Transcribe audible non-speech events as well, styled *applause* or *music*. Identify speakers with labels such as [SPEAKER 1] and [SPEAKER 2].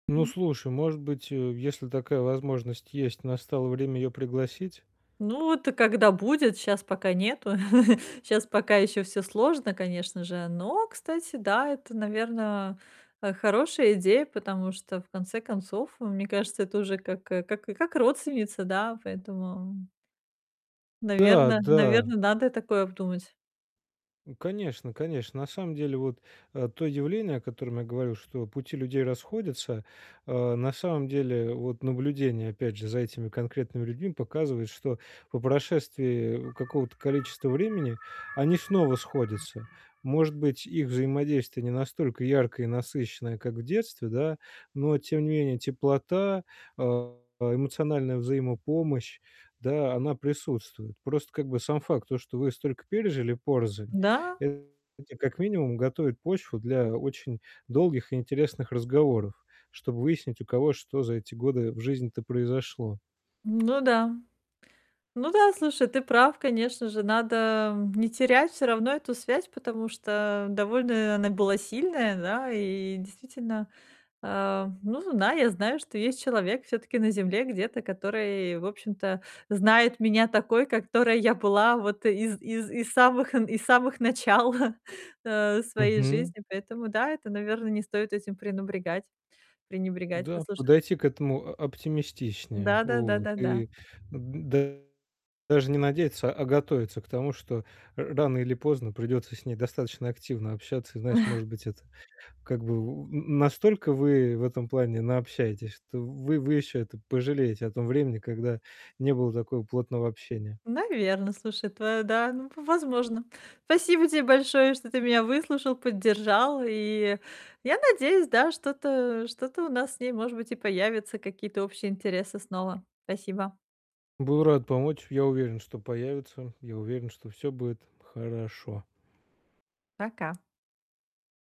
[SPEAKER 1] Ну,
[SPEAKER 2] М.
[SPEAKER 1] слушай, может быть, э, если такая возможность есть, настало время её пригласить?
[SPEAKER 2] Ну, вот когда будет, щас пока нету. *chuckles* Щас пока ещё всё сложно, конечно же. Но, кстати, да, это, наверно, э, хорошая идея. Потому что, в конце концов, э, мне кажется, это уже как как как родственница, да? Поэтому
[SPEAKER 1] Да,
[SPEAKER 2] Наверно
[SPEAKER 1] да.
[SPEAKER 2] наверно, надо такое обдумать.
[SPEAKER 1] Ну конечно конечно. На самом деле, вот, э, то явление, о котором я говорю, что пути людей расходятся, э, на самом деле, вот наблюдение, опять же, за этими конкретными людьми показывает, что по прошествии какого-то количества времени они снова сходятся. Может быть, их взаимодействие не настолько яркое и насыщенное, как в детстве, да. Но, тем не менее, теплота, э, эмоциональная взаимопомощь, да, она присутствует. Просто, как бы сам факт, то что вы столько пережили порознь,
[SPEAKER 2] Да.
[SPEAKER 1] это, как минимум, готовит почву для очень долгих и интересных разговоров, чтобы выяснить, у кого что за эти годы в жизни-то произошло.
[SPEAKER 2] Ну да. Ну да, слушай, ты прав. Конечно же, надо не терять всё равно эту связь, потому что довольно она была сильная, да? И действительно, э, ну зна я знаю, что есть человек всё-таки на Земле где-то, который, в общем-то, знает меня такой, которой я была вот из из из самых э, из самых начал, *chuckles* э, своей
[SPEAKER 1] Мгм.
[SPEAKER 2] жизни. Поэтому да, это, наверно, не стоит этим пренубрегать пренебрегать.
[SPEAKER 1] Да,
[SPEAKER 2] Слушай
[SPEAKER 1] подойти к этому о оптимистичнее.
[SPEAKER 2] Да да да
[SPEAKER 1] Вот.
[SPEAKER 2] да да.
[SPEAKER 1] И д даже не надеяться, а готовиться к тому, что р рано или поздно придется с ней достаточно активно общаться. И знаешь,
[SPEAKER 2] *chuckles*
[SPEAKER 1] может быть, это, как бы, у м, настолько вы в этом плане наобщаетесь, что вы вы еще это пожалеете о том времени, когда не было такого плотного общения.
[SPEAKER 2] Наверно. Слушай, твоя да, ну, в возможно. Спасибо те большое, что ты меня выслушал, поддержал. И я надеюсь, да, что-то что-то у нас с ней, может быть, и появятся какие-то общие интересы снова. Спасибо.
[SPEAKER 1] Был рад помочь. Я уверен, что появятся. Я уверен, что всё будет хорошо.
[SPEAKER 2] Пока.